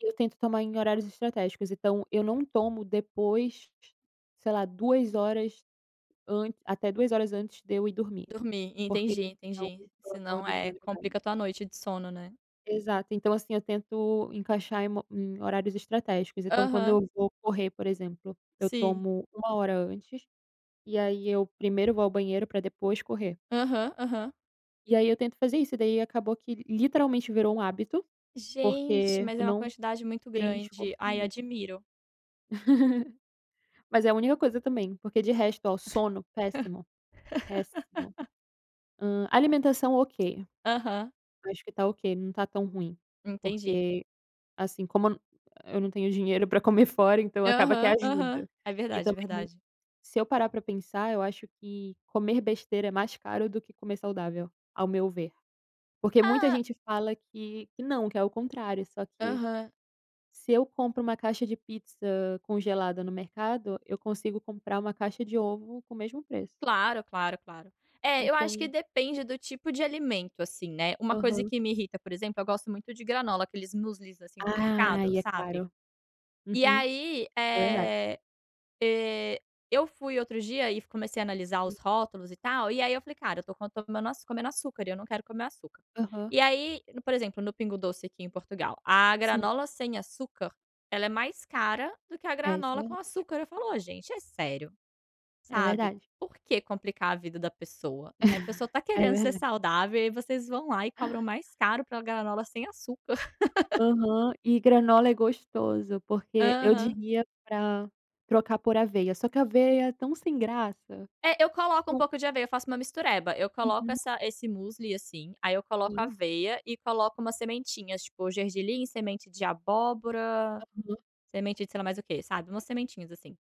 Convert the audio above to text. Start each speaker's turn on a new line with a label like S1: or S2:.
S1: Eu tento tomar em horários estratégicos, então eu não tomo depois sei lá 2 horas ant até 2 horas antes de eu ir dormir.
S2: Dormir,
S1: Porque
S2: entendi,
S1: senão
S2: entendi.
S1: eu
S2: Senão,
S1: acordo de
S2: eh,
S1: madrugada.
S2: complica tua noite de sono, né?
S1: Exato, então, assim, eu tento encaixar em mo em horários estratégicos. Então quando
S2: Aham.
S1: eu vou correr, por exemplo, eu
S2: Sim.
S1: tomo 1 hora antes, e aí eu primeiro vou ao banheiro para depois correr.
S2: Aham, aham.
S1: E aí eu tento fazer isso. E daí acabou que literalmente virou um hábito,
S2: Gente,
S1: porque
S2: mas
S1: eu
S2: é uma
S1: não
S2: quantidade muito
S1: tenho
S2: grande.
S1: esforço
S2: Ai,
S1: nenhum.
S2: admiro.
S1: Mas é a única coisa também, porque de resto, oh, sono, péssimo, péssimo. Hã, alimentação, ok.
S2: Aham.
S1: Acho que está ok, não está tão ruim,
S2: Entendi.
S1: porque, assim, como eu não eu não tenho dinheiro para comer fora, então acaba que
S2: Aham, aham,
S1: ajuda.
S2: é
S1: E
S2: verdade, é
S1: também,
S2: verdade.
S1: se eu parar para pensar eu acho que comer besteira é mais caro do que comer saudável, ao meu ver. Porque muita
S2: Ah.
S1: gente fala que que não, que é o contrário só que
S2: Aham.
S1: se eu compro um caixa de pizza congelada no mercado, eu consigo comprar uma caixa de ovo com o mesmo preço.
S2: Claro, claro, claro. É, eu acho que
S1: Então.
S2: depende do tipo de alimento, assim, né. Uma coisa
S1: Aham.
S2: que me irrita, por exemplo, eu gosto muito de granola, aqueles muslis assim do mercado,
S1: Ai, é
S2: sabe?
S1: claro.
S2: E
S1: Uhum.
S2: aí,
S1: É verdade.
S2: eh eh, eu fui outro dia e comecei a analisar
S1: Sim.
S2: os rótulos e tal, e aí eu falei: "Cara, eu estou co comendo e eu não quero comer açúcar."
S1: Aham.
S2: E aí no, por exemplo, no Pingo Doce aqui em Portugal, a
S1: Sim.
S2: granola sem açúcar ela é mais cara do que a
S1: É, isso é
S2: granola com
S1: verdade.
S2: açúcar. Eu falo "Oh, gente, é sério?"
S1: É
S2: Sabe,
S1: verdade.
S2: por que complicar a vida da pessoa, né, a pessoa está
S1: É
S2: querendo ser
S1: verdade.
S2: saudável e aí vocês vão lá e cobram mais caro pela granola sem açúcar.
S1: Aham e granola é gostoso, porque eu
S2: Aham.
S1: diria para trocar por aveia só que a aveia é tão sem graça.
S2: É, eu coloco um
S1: [unintelligible]
S2: pouco de aveia. Eu faço uma mistureba, eu coloco
S1: Uhum.
S2: essa esse musli, assim, aí eu coloco
S1: Sim.
S2: aveia e coloco umas sementinhas, tipo, gergelim, semente de abóbora,
S1: Aham.
S2: semente de sei mais o quê, sabe, umas sementinhas assim.